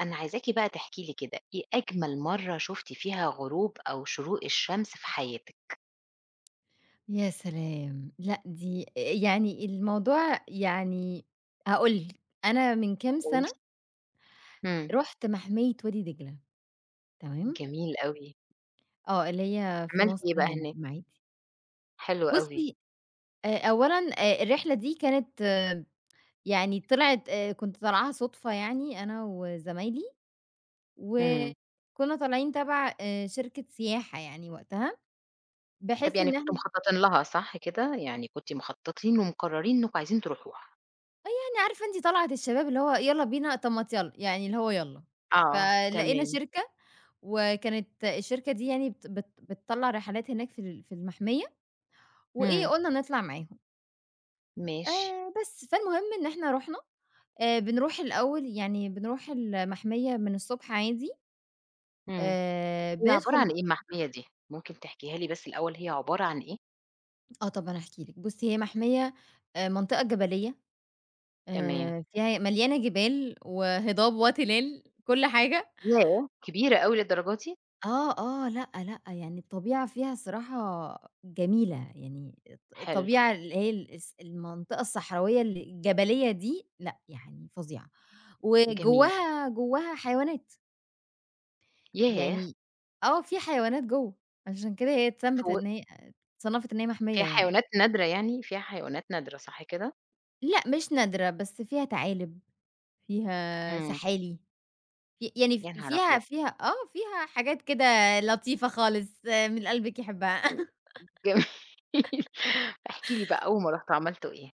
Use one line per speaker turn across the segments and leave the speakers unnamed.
أنا عايزاكِ بقى تحكي لي كده، إيه أجمل مرّة شُفتِ فيها غروب أو شروق الشمس في حياتِك؟
يا سلام. لأ دي أ يعني الموضوع يعني هأقول لِك. أنا من كام
كويس.
سنة
إمم.
رُحت مَحمية وادي دجلة. تمام؟
جميل أوي.
آه. اللي هي في
عملتِ
مصر
إيه بقى
هنا في
هناك؟
المَعَادي.
حلو أوي.
بُصّي، أ أولًا أ الرحلة دي كانت يعني طلعت أ كنت طالعاها صُدفة يعني أنا وزمايلي.
إمم.
وكُنّا طالعين تَبَع آآ، شركة سياحة يعني وقتها.
طب
بحيث
يعني
إن
كنتم
إحنا
مخطّطين لها صح كده؟ يعني كنتِ مخطّطين ومقرّرين إنّكم عايزين تروحوها.
آه. يعني عارفة أنتِ طَلعِة الشباب اللي هو يالّا بينا، طب ما تيالّا. يعني اللي هو يالّا.
آه
فلقينا
تمام.
شركة وكانت الشركة دي يعني بت بت بتطلّع رحلات هناك في ال في المَحمية، وإيه
إمم.
قُلنا نطلع معاهم.
ماشي.
آآ بس. فالمهم إن إحنا رُحنا. آآ بنروح الأول يعني بنروح المَحمية من الصبح عادي
إمم.
آآ
هي
بندخل
عبارة عن
ب
إيه المَحمية دي؟ ممكن تحكيها لي بس الأول هي عبارة عن إيه؟
آه طبعًا، احكي لِك بُصّي، هي محميّة آآ منطقة جبلية
تمام.
آآ، فيها مليانة جبال وهضاب وتلال كل حاجة.
ياه! كبيرة أوي للدرجة دي؟
آه، آه، لأ، لأ يعني الطبيعة فيها الصراحة جميلة، يعني الط
حلو.
الطبيعة اللي هي الص المنطقة الصحراوية الجبلية دي لأ، يعني فظيعة
جميل.
وجواها جواها حيوانات.
ياه!
يعني آه، في حيوانات جوّه، عشان كده هي اتسمّت
ف
إن هيّ اتصنّفت إن هي محميّة
فيها
يعني.
حيوانات نادرة يعني؟ فيها حيوانات نادرة صح كده؟
لأ، مش نادرة بس فيها تعالِب، فيها
امم.
سحالي في يعني
يانهار
فيها
أبيض!
فيها آه، فيها حاجات كده لطيفة خالص من اللي قلبِك يحبها.
يعني جميل احكِ لي بقى أول ما رحتوا عملتوا إيه؟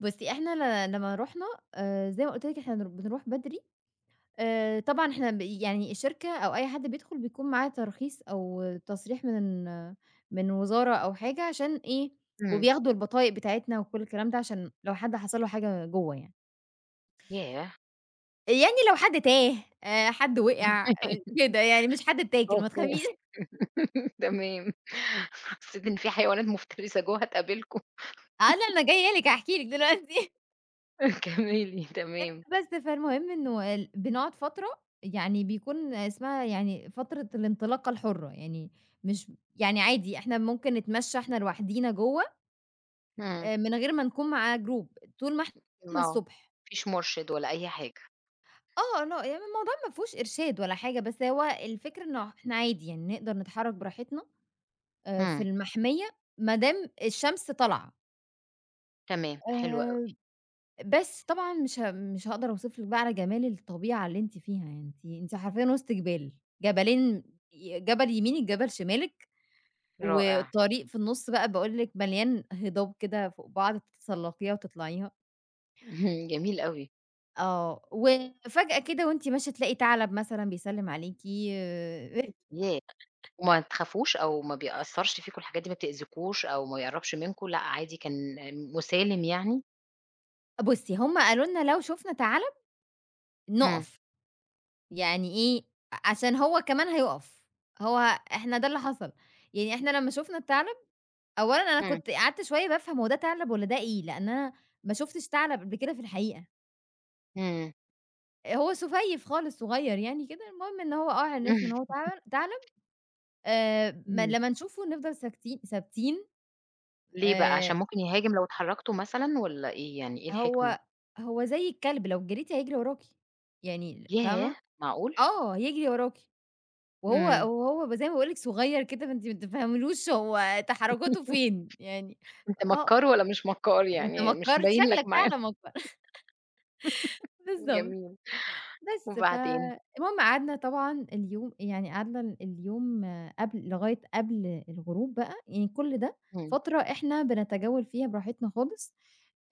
بُصّي، إحنا ل لمّا رُحنا، آآ زي ما قُلت لِك إحنا ن بنروح بدري آآ، طبعًا إحنا بي يعني الشركة أو أي حد بيدخل، بيكون معاه ترخيص أو تصريح من من وزارة أو حاجة عشان إيه،
امم.
وبياخدوا البطايق بتاعتنا وكلّ الكلام ده، عشان لو حد حصل له حاجة جُوّه يعني.
ياه!
يعني لو حد تاه آآ، حد وقع كده يعني، مش حد اتّاكل ما
أوكي،
تخافيش.
تمام، حسّيت إن في حيوانات مفترسة جوّه هتقابلكم.
آه، لأ أنا جايّه لِك هاحكِي لِك دلوقتي.
كمِّلي
أ
تمام.
بس، فالمهم إنه ال بنقعد فترة يعني بيكون اسمها يعني فترة الانطلاقة الحُرّة. يعني مش م يعني عادي، إحنا ممكن نتمشى إحنا لوحدينا جوّه،
إمم.
آآ من غير ما نكون مع جروب. طول ما
م
إحنا
آه. ما
الصبح.
فيش مُرشِد ولا أي حاجة.
آه. لأ يعني الموضوع ما فيهوش إرشاد ولا حاجة، بس هو الفكرة إنه إحنا عادي. يعني نقدر نتحرّك براحتنا أ في
همم.
المَحمية ما دام الشمس طالعة.
تمام، حلو أوي.
آآ، بس، طبعًا مش ه مش هاقدر أوصف لكِ بقى على جمال الطبيعة اللي أنتِ فيها، يعني أنتِ أنتِ حرفيًا وِسط جِبَال، جَبلين ي جَبَل يمينك، جَبَل شمالك
رائع.
وطريق في النُص بقى باقول لكِ مليان هِضاب كده فوق بعض تتسلّقيها وتطلعيها.
اهم، جميل أوي.
آه، وفجأة كده وأنتِ ماشي تلاقي تَعلَب مثلًا بيسلّم عليكِ أ
يا وما تخافوش أو ما بيأثّرش فيكم الحاجات دي ما بتأذيكوش أو ما بيقرّبش منكم، لأ، عادي كان مُسالم يعني؟
بُصّي، هم قالوا لنا لو شُفنا تَعلَب،
إمم.
نُقف، يعني إيه؟ أ عشان هو كمان هيُقف، هو إحنا ده اللي حصل. يعني إحنا لمّا شُفنا التَعلَب، أولًا أنا
إمم.
كنت قعدت شوية بافهم هو ده تَعلَب والّا ده إيه؟ لإن أنا ما شُفتش تَعلَب قبل كده في الحقيقة.
إمم.
آآ، هو سُفيّف خالص صغيّر يعني كده، المهم إن هو آه عرفنا إن هو تعلم تعلب آآ، م
إمم.
لمّا نشوفه نفضل ساكتين ثابتين
ليه بقى،
آآ
عشان ممكن يهاجم لو اتحركتم مثلًا والّا إيه يعني، إيه الحكمة؟
هو هو زي الكلب لو جريتِ هيجري وراكِ، يعني فاهمة،
ياه! معقول.
آه يجري وراكِ. وهو
إمم.
وهو ب زي ما باقول لِك صغيّر كده، فأنتِ ما بتفهميلوش هو تحركاته فين، يعني
أنت
آه
مكار والّا مش مكار
أنت
يعني مش
مكّار، أنت
مبيّن لك
شكلك
معالم،
فعلًا مكّار، بالضبط،
جميل
بس،
وبعدين؟
فالمهم قعدنا طبعًا اليوم يعني قعدنا ال اليوم قبل لغاية قبل الغروب بقى، يعني كُلّ ده
إمم.
فترة إحنا بنتجول فيها براحتنا خالص،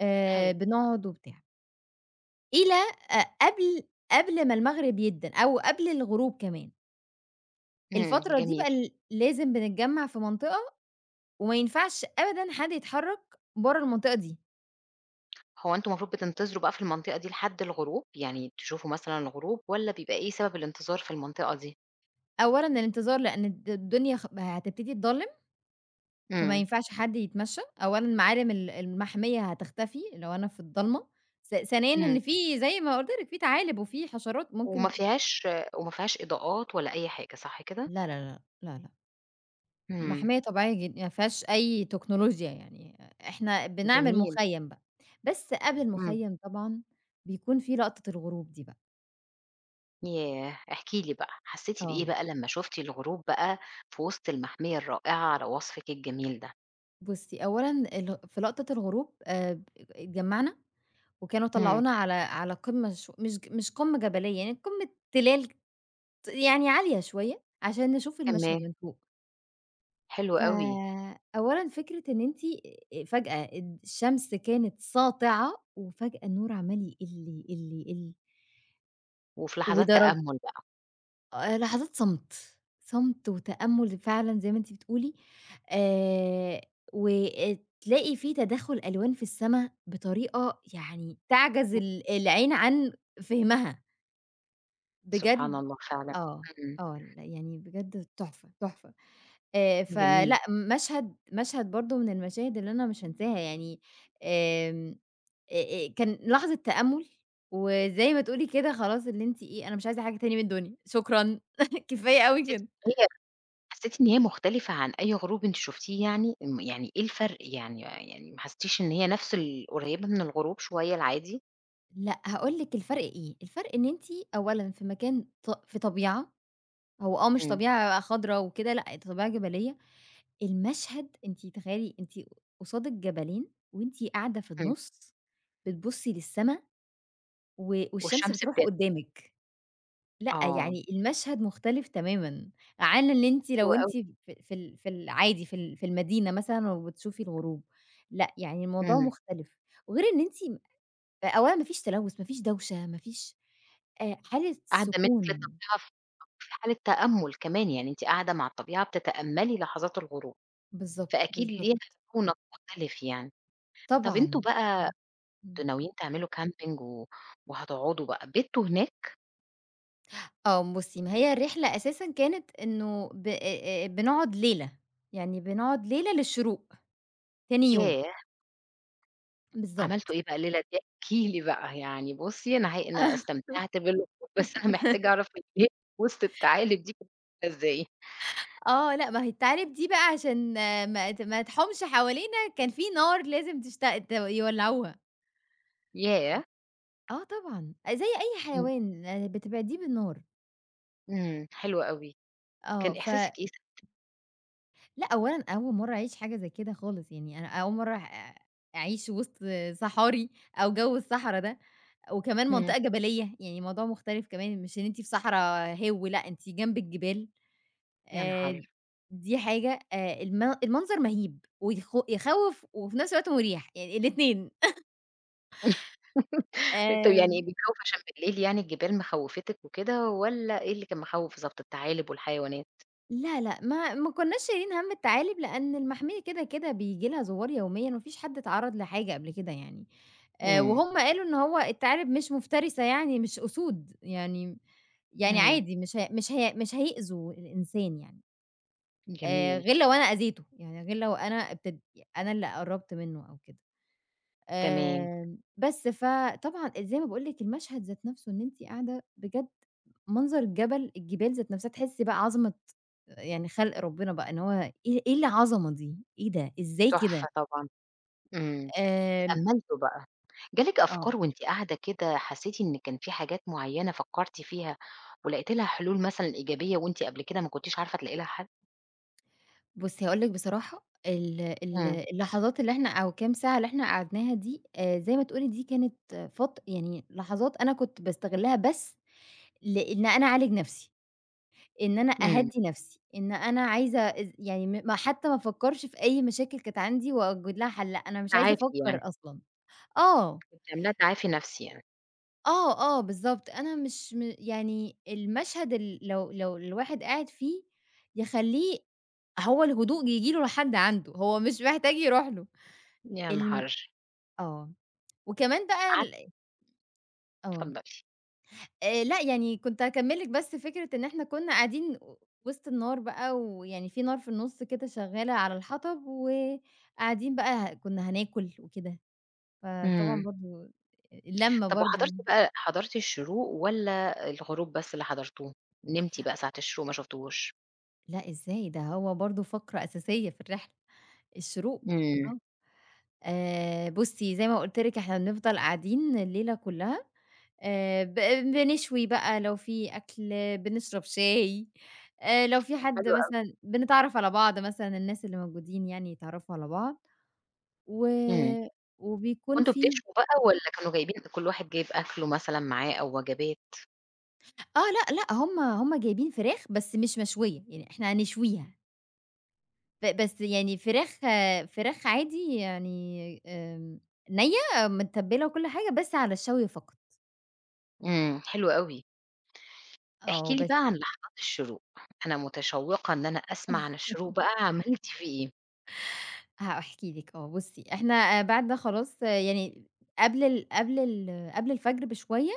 آآ،
حلو.
بنقعد وبتاع. إلى ق قبل قبل ما المغرب يأدّن أو قبل الغروب كمان.
إمم،
الفترة دي
جميل.
بقى ل لازم بنتجمّع في منطقة، وما ينفعش أبدًا حد يتحرك بره المنطقة دي.
هو أنتم مفروض بتنتظروا بقى في المنطقة دي لحد الغروب؟ يعني تشوفوا مثلًا الغروب، والّا بيبقى إيه سبب الانتظار في المنطقة دي؟
أولًا الانتظار لأن الد الدنيا خ هتبتدي تضلّم، فما
إمم.
ينفعش حد يتمشّى، أولًا معالِم ال المحمية هتختفي، لو أنا في الضلمة، ث ثانيًا
إمم.
إن في زي ما قلت لكِ في تعالِب وفي حشرات
وما
ممكن
فيهاش وما فيهاش إضاءات ولا أي حاجة صح كده؟
لا، لا، لا، لأ، لأ.
إمم.
محمية طبيعية جدًا، يعني ما فيهاش أي تكنولوجيا يعني، إحنا بنعمل
جميل.
مخيّم بقى، بس قبل
إمم.
المخيّم طبعًا، بيكون في لقطة الغروب دي بقى.
ياه! احكِ لي بقى، حسيتِ بإيه
آه.
بقى لمّا شُفتِ الغروب بقى، في وسط المحمية الرائعة على وصفِك الجميل ده؟
بُصّي، أولًا ال في لقطة الغروب آآ، اتجمّعنا، وكانوا
إمم.
طلّعونا على على قمة ش مش مش قمة جبلية يعني، قمة تلال ت يعني عالية شوية، عشان نشوف المشهد
تمام.
من فوق.
حلو
ف
أوي.
أولًا فكرة إن أنتِ فجأة الد الشمس كانت ساطعة، وفجأة النور عمّال يقلّ، يقلّ، يقلّ.
وفي لحظات
ودرج
تأمّل بقى.
آآ، لحظات صمت، صمت وتأمل فعلًا زي ما أنتِ بتقولي، آآ، وآآ تلاقي في تداخل ألوان في السما بطريقة يعني تعجز
امم.
ال العين عن فهمها.
سبحان
بجد
الله فعلًا،
آه،
إمم.
آه، ال يعني بجد تحفة، تحفة. آآ،
جميل.
فلأ مشهد مشهد برضو من المشاهد اللي أنا مش هانساها يعني آمم، أ-أ كان لحظة تأمُّل، وزي ما تقولي كده خلاص اللي أنتِ إيه أنا مش عايزة حاجة تاني من الدنيا، شكرًا كفاية أوي
حسّيتِ
كده.
إن هي حسّيتِ إن هي مختلفة عن أي غروب أنتِ شُفتيه يعني، ام يعني إيه الفرق يعني يعني ما حسيتيش إن هي نفس ال قريبة من الغروب شوية العادي؟
لأ هاقول لِك الفرق إيه، الفرق إن أنتِ أولًا في مكان ط في طبيعة، هو آه مش
إمم.
طبيعة خضرا وكده، لأ طبيعة جبلية، المشهد أنتِ تخيلي أنتِ قصادِك جبلين وأنتِ قاعدة في
إمم.
النُص بتبصّي للسما، و والشمس
والشمس
بتروح
بتن
قدامِك، لأ
آه.
يعني المشهد مختلف تمامًا عن إن أنتِ
حلو
لو
أوي.
أنتِ ف في ال في العادي في ال في المدينة مثلًا وبتشوفي الغروب، لأ يعني الموضوع
إمم.
مختلف. وغير إن أنتِ أ أولًا ما فيش تلوث، ما فيش دوشة، ما فيش آآ، حالة
قاعدة منِّك
سكون.
للطبيعة ف في حالة تأمُّل كمان، يعني أنتِ قاعدة مع الطبيعة بتتأملي لحظات الغروب،
بالضبط
فأكيد
بالضبط.
ليها رونق مختلف يعني، طب أنتم
طبعًا
بقى
امم، امم.
كنتم ناويين تعملوا كامبنج و وهتقعدوا بقى، بِتّوا هناك؟
آه بُصّي ما هي الرحلة أساسًا كانت إنه بأ أ بنقعد ليلة، يعني بنقعد ليلة للشروق تاني يوم.
ياه! عملتم
بالضبط.
إيه بقى الليلة دي احكِ لي بقى، يعني بُصّي أنا ه أنا استمتعت بال [unintelligible] بس أنا محتاجة أعرف [unintelligible] وسط التعالب دي [unintelligible] إزاي؟
آه، لأ ما هي التعالب دي بقى عشان ما ت ما تحومش حوالينا كان في نار لازم تشتغ ت يولّعوها. آمم
ياه!
آه طبعًا، زي أي
إمم.
حيوان بتبعديه بالنار.
إمم، حلو أوي،
آه،
كان
ف
إحساسك إيه ساعتها؟
لأ أولًا أول مَرّة أعيش حاجة زي كده خالص، يعني أنا أول مَرّة أع أعيش وسط صحاري أو جوّ الصحرا ده، وكمان
إمم.
منطقة جبلية، يعني الموضوع مختلف كمان، مش إن أنتِ في صحرا هِوّ لأ، أنتِ جنب الجبال،
يا
آآ،
نهار!
دي حاجة آآ، الم المنظر مَهيب ويخ يخوّف وفي نفس الوقت مُريح يعني الاتنين.
أ طب يعني
آمم.
بيخوّف عشان بالليل يعني الجبال مخوّفتك وكده، والّا إيه اللي كان مخوّف بالضبط التعالب والحيوانات؟
لا لأ، ما ما كناش شايلين هَمّ التعالب، لأن المحمية كده كده بييجي لها زوّار يوميًا، ما فيش حد اتعرّض لحاجة قبل كده يعني، آآ،
إمم.
وهُم قالوا إنّه هو التعالب مش مفترسة يعني، مش أُسود يعني يعني
إمم.
عادي مش ه مش هي مش هيؤذوا الإنسان يعني. آآ،
جميل.
غير لو أنا أذيته، يعني غير لو أنا ابتد ي أنا اللي قرّبت منه أو كده،
تمام.
آآ، بس فطبعًا زي ما باقول لِك المشهد ذات نَفسه إن أنتِ قاعدة بجد منظر الجبل، الجبال ذات نفسها تحسي بقى عظمة يعني خلق ربنا بقى إن هو إيه إيه العظمة دي، إيه ده إزاي كده؟!
تحفة طبعًا، إمم،
آمم
تأملتوا بقى؟ جالِك أفكار
آه.
وأنتِ قاعدة كده، حسيتِ إن كان في حاجات معيّنة فكرتِ فيها ولقيتِ لها حلول مثلًا إيجابية وأنتِ قبل كده ما كنتيش عارفة تلاقي لها حل؟
بُصّي هاقول لِك بصراحة، ال ال
امم.
اللحظات اللي إحنا أو كام ساعة اللي إحنا قعدناها دي، آآ، زي ما تقولِي دي كانت فت يعني لحظات أنا كنت باستغلها بس لإن أنا أعالج نَفسي، إن أنا
امم.
أهدّي نَفسي، إن أنا عايزة از يعني م ما حتّى ما افكرش في أي مشاكل كانت عندي وأوجد لها حل، لأ أنا مش عايزة
تعافي
أفكّر
يعني.
أصلًا، آه.
كنتِ عاملاها تعافي نَفسي يعني.
آه، آه، بالضبط، أنا مش م يعني المشهد ال لو لو الواحد قاعد فيه يخلّيه هو الهدوء ييجي له لحد عنده، هو مش محتاج يروح له،
يا
الم
نهار!
آه وكمان بقى
عت
ال آه.
اتفضلي.
آآ، لأ يعني كنت هاكمل لِك بس فكرة إن إحنا كنّا قاعدين وسط النار بقى، ويعني في نار في النُص كده شغّالة على الحطب، وقاعدين بقى ه كنّا هناكل وكده، فطبعًا
امم.
برضو اللمة
طب وحضرتِ
برضو
بقى حضرتِ الشروق والّا الغروب بس اللي حضرتوه، نمتِ بقى ساعة الشروق ما شفتيهوش؟
لأ إزاي؟! ده هو برضو فقرة أساسية في الرحلة، الشروق
امم.
آه، آآ، بُصّي زي ما قلت لِك إحنا بنفضل قاعدين الليلة كلّها، آآ، ب بنشوي بقى لو في أكْل، بنشرب شاي، آآ، لو في حد
حلو أوي.
مثلًا بنتعرّف على بعض مثلًا الناس اللي موجودين يعني يتعرّفوا على بعض، و
امم،
وبيكون
كنتم
في
بتشووا بقى
اهم.
والّا كانوا جايبين كل واحد جايب أكله مثلًا معاه أو وجبات؟
آه، لأ لأ، هُم هُم جايبين فراخ بس مش مشوية، يعني إحنا هنشويها. ب بس يعني فراخ فراخ عادي يعني، آمم نِيّة متبَّلة وكل حاجة، بس على الشَّوي فقط.
إمم، حلو أوي. احكِ
آه،
لي
بس
بقى عن لحظات الشُّروق، أنا متشوِّقة إن أنا أسمَع عن الشُّروق بقى، عملتِ فيه إيه؟
هاحكي لِك، آه بُصي إحنا بعد ده خلاص يعني، قبل ال قبل ال قبل الفجر بشوية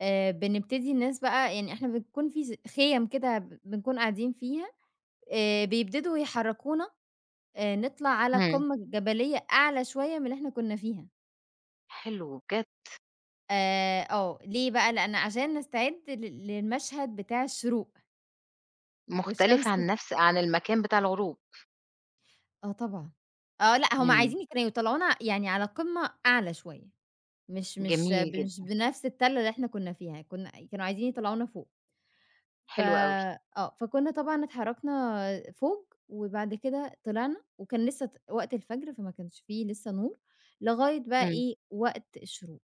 آآ، بنبتدي الناس بقى يعني إحنا بنكون في زي خِيَم كده ب بنكون قاعدين فيها، آآ، بيبتدوا يحرّكونا آآ، نطلَع على
إمم.
قمة جبلية أعلى شوية من اللي إحنا كنا فيها.
حلو بجد.
آآ، آه، ليه بقى، لأن عشان نستعِد لل للمشهَد بتاع الشّروق.
مختلف
والشمس
عن نفس عن المكان بتاع الغروب.
آه طبعًا آه لأ هُم
إمم.
عايزين كانوا يطلَّعونا يعني على قمة أعلى شوية مش مش
جميل
مش
جدًا.
بنفس التَل اللي إحنا كنا فيها، كنا كانوا عايزين يطلَّعونا فوق. ف
حلو أوي.
آه، فكنا طبعًا اتحرَّكنا فوق، وبعد كده طلَعنا، وكان لسه ت وقت الفجر، فما كانش في لسه نُور، لغاية بقى
إمم.
إيه وقت الشُّروق.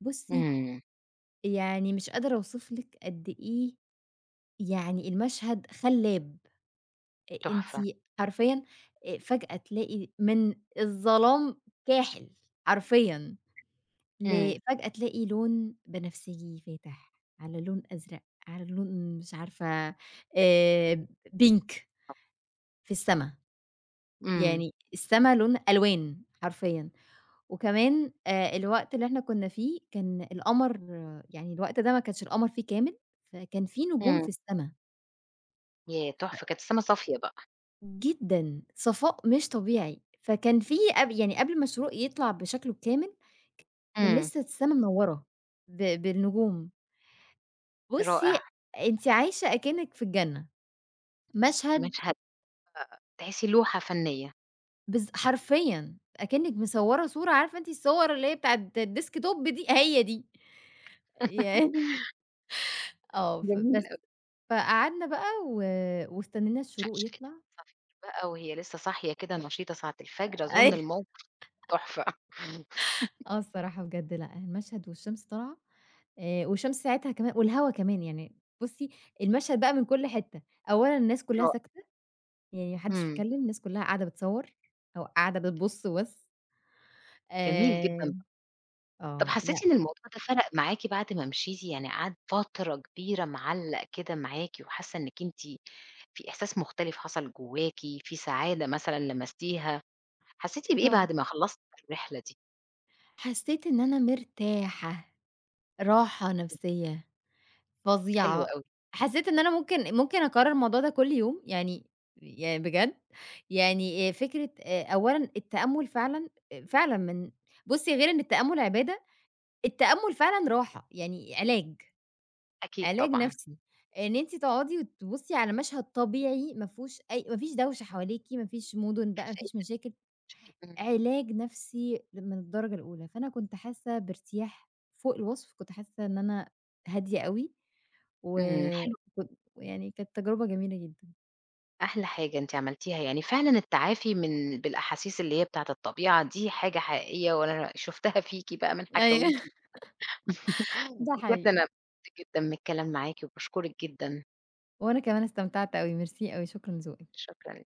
بُصي،
إمم.
يعني مش قادر أوصِف لِك قد إيه يعني المشهد خلاب. أ أنتِ
تحفة.
أ حرفيًا فجأة تلاقي من الظلام كاحِل حرفيًا،
إمم.
لفجأة تلاقِي لون بنفسجي فاتح على لون أزرق على لون مش عارفة آآ
[unintelligible]
pink.
آه.
في السما،
إمم.
يعني السما لون ألوان حرفيًا، وكمان آآ، الوقت اللي إحنا كنا فيه كان القمَر يعني الوقت ده ما كانش القمَر فيه كامل، فكان في نجوم في
إمم.
السما.
ياه!
ف
تحفة كانت السماء صافية بقى.
جدًا، صفاء مش طبيعي. فكان في قب يعني قبل ما الشروق يطلع بشكله الكامل، كان
امم.
لسّه السما منورة ب بالنجوم. بُصّي
رائع.
أنت عايشة أكنّك في الجنة.
[unintelligible]
مشهد
مشهد أ أ تحسي لوحة فنية.
بالض حرفيًا، أكنّك مصوَّرة صورة عارفة أنتِ الصور اللي هي بتاعة الديسك توب دي؟ هي دي. ين آه، فبس،
جميل أوي.
فقعدنا بقى و واستنينا الشروق
[unintelligible]
يطلع.
صافية بقى وهي لسّه صاحية كده نشيطة ساعة الفجر أظن
أي
الموقف تحفة.
آه الصراحة بجد لأ، المشهد والشمس طالعة آآ، والشمس ساعتها كما والهوا كمان يعني، بُصّي المشهد بقى من كُلّ حتّة، أولًا الناس كلّها
[unintelligible]
ساكتة، يعني ما حدش
امم.
بيتكلّم، الناس كلّها قاعدة بتصوّر أو قاعدة بتبص وبس.
جميل
آآ،
جدًا، طب
آه لأ.
حسّيتِ إن الموضوع ده فرق معاكِ بعد ما مشيتِ، يعني قعد فترة كبيرة معلّق كده معاكِ وحاسّة إنّك أنتِ في إحساس مختلف حصل جوّاكِ، في سعادة مثلًا لمستيها، حسّيتِ بإيه
طب
بعد ما خلصتِ الرحلة دي؟
حسيت إن أنا مرتاحة، راحة
امم.
نفسيّة،
حلو
فظيعة،
أوي.
حسّيت إن أنا ممكن ممكن أكرر الموضوع ده كُلّ يوم، يعني يعني بجد يعني آآ، فكرة آآ، أولًا التأمل فعلًا، فعلًا من بُصّي غير إن التأمل عبادة، التأمل فعلًا راحة، يعني علاج،
أكيد
علاج
طبعًا.
نَفسي، إن أنتِ تقعدي وتبصّي على مشهد طبيعي ما فيهوش أي ما فيش دوشة حواليكِ، ما فيش مدن بقى، ما فيش مشاكل،
[unintelligible] امم.
علاج نَفسي من الدرجة الأولى، فأنا كنت حاسّة بارتياح فوق الوصف، كنت حاسّة إن أنا هادية أوي
امم،
وكن
حلو
يعني كانت تجربة جميلة جدًا.
أحلى حاجة أنتِ عملتيها، يعني فعلًا التعافي من بالأحاسيس اللي هي بتاعة الطبيعة دي حاجة حقيقيّة وأنا شفتها فيكِ بقى من
أيوه
حكاويكِ،
ده
بجد أنا
حقيقي.
اتبسطت جدًا من الكلام معاكِ وباشكرِك جدًا.
وأنا كمان استمتعت أوي، ميرسي أوي شكرًا لذوقِك.
شكرًا.